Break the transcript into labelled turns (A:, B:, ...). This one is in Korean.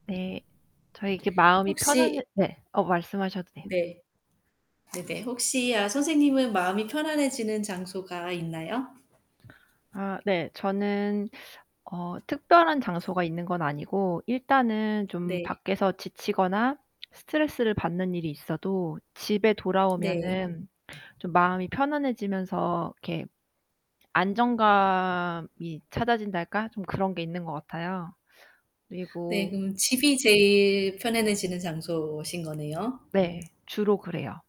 A: 네. 저 이게 마음이 편한해
B: 혹시
A: 네. 어 말씀하셔도 돼요.
B: 네. 네네. 혹시 아 선생님은 마음이 편안해지는 장소가 있나요?
A: 아 네. 저는 어 특별한 장소가 있는건 아니고 일단은 좀
B: 네.
A: 밖에서 지치거나 스트레스를 받는 일이 있어도 집에
B: 네.
A: 돌아오면은 좀 마음이 편안해지면서 이렇게 안정감이 찾아진달까? 좀 그런 게 있는 것 같아요.
B: 네.
A: 그리고
B: 그럼 집이 제일 편안해지는 장소신 거네요. [unintelligible]
A: 네. 주로 그래요.